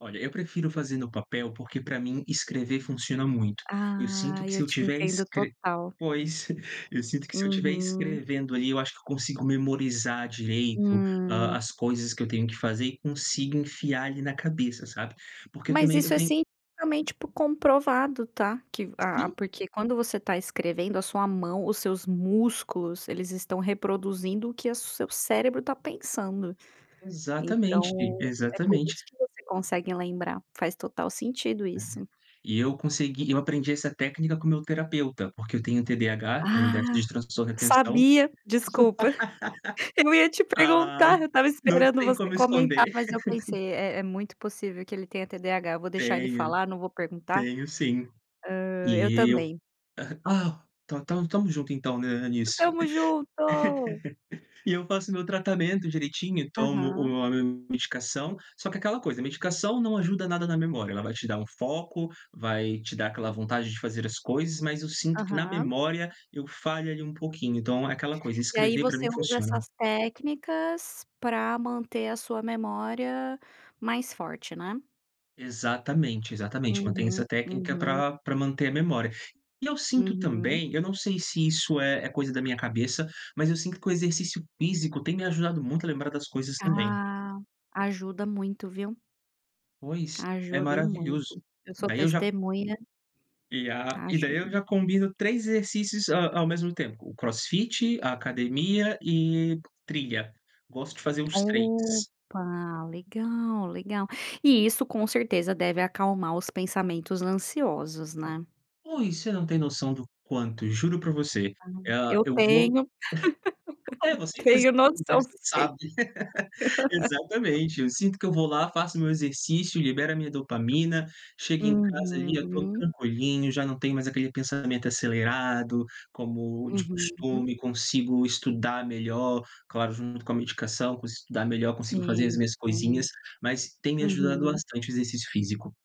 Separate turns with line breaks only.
Olha, eu prefiro fazer no papel, porque para mim escrever funciona muito. Eu sinto
Ah,
que, se
eu
eu
te
tiver
entendo
escre
total.
pois, eu sinto que se eu tiver
Uhum.
escrevendo ali, eu acho que eu consigo memorizar direito, hã,
Hum.
as coisas que eu tenho que fazer e consigo enfiar ali na cabeça, sabe. Porque eu
Mas
também eu
isso é
tenho
cientificamente po comprovado tá, que a a
Sim.
porque quando você tá escrevendo a sua mão, os seus músculos eles estão reproduzindo o que a o seu cérebro tá pensando. Então
Exatamente,
é por
exatamente.
isso que você consegue lembrar, faz
É,
total sentido isso.
e eu consegui eu aprendi essa técnica com o meu terapeuta, porque eu tenho TDAH, tenho déficit
Ah,
de transtorno e atenção. Você
sabia desculpa. Eu ia te
tá Ah,
perguntar, eu estava
não
esperando
tem
você
como
comentar,
esconder.
mas eu pensei é é muito possível que ele tenha TDAH. Eu vou deixar ele
Tenho,
falar, não vou perguntar.
tenho sim.
Hã, eu
E eu
também.
ah, ta ta estamos junto então, né, nisso.
Estamos junto!
E eu faço o meu tratamento direitinho, tomo
Aham.
o a medicação, só que é aquela coisa: medicação não ajuda nada na memória, ela vai te dar um foco, vai te dar aquela vontade de fazer as coisas, mas eu sinto que, na
Aham.
memória, eu falho ali um pouquinho. Então, é aquela coisa:
E aí
escrever, para mim,
você usa
funciona.
essas técnicas para manter a sua memória mais forte, né?
Exatamente, exatamente, mantém essa
Uhum,
técnica
uhum.
pra pra manter a memória. E eu sinto
Uhum.
também eu não sei se isso é é coisa da minha cabeça, mas eu sinto que o exercício físico tem me ajudado muito a lembrar das coisas também.
Ah, ajuda muito viu.
Pois, é
Ajuda e
maravilhoso.
muito, eu sou
Daí eu já
testemunha
e a e daí eu
ajuda.
já combino 3 exercícios a ao mesmo tempo, o crossfit, a academia e trilha. Gosto de fazer os 3.
Opa, legal, legal. E isso com certeza deve acalmar os pensamentos ansiosos, né.
Pois, você não tem noção do quanto, juro para você.
Ah,
Eh,
eu
eu vou.
tenho,
É você
tenho noção
[unintelligible]
sim.
sabe. Exatamente, eu sinto que eu vou lá, faço o meu exercício, libero a minha dopamina, chego em casa ali, eu tô
Uhum.
tranquilinho, já não tenho mais aquele pensamento acelerado como de
Uhum.
costume, consigo estudar melhor, claro, junto com a medicação, consigo estudar melhor, consigo fazer as
Sim,
minhas coisinhas,
sim,
mas tem me ajudado
uhum.
bastante o exercício físico.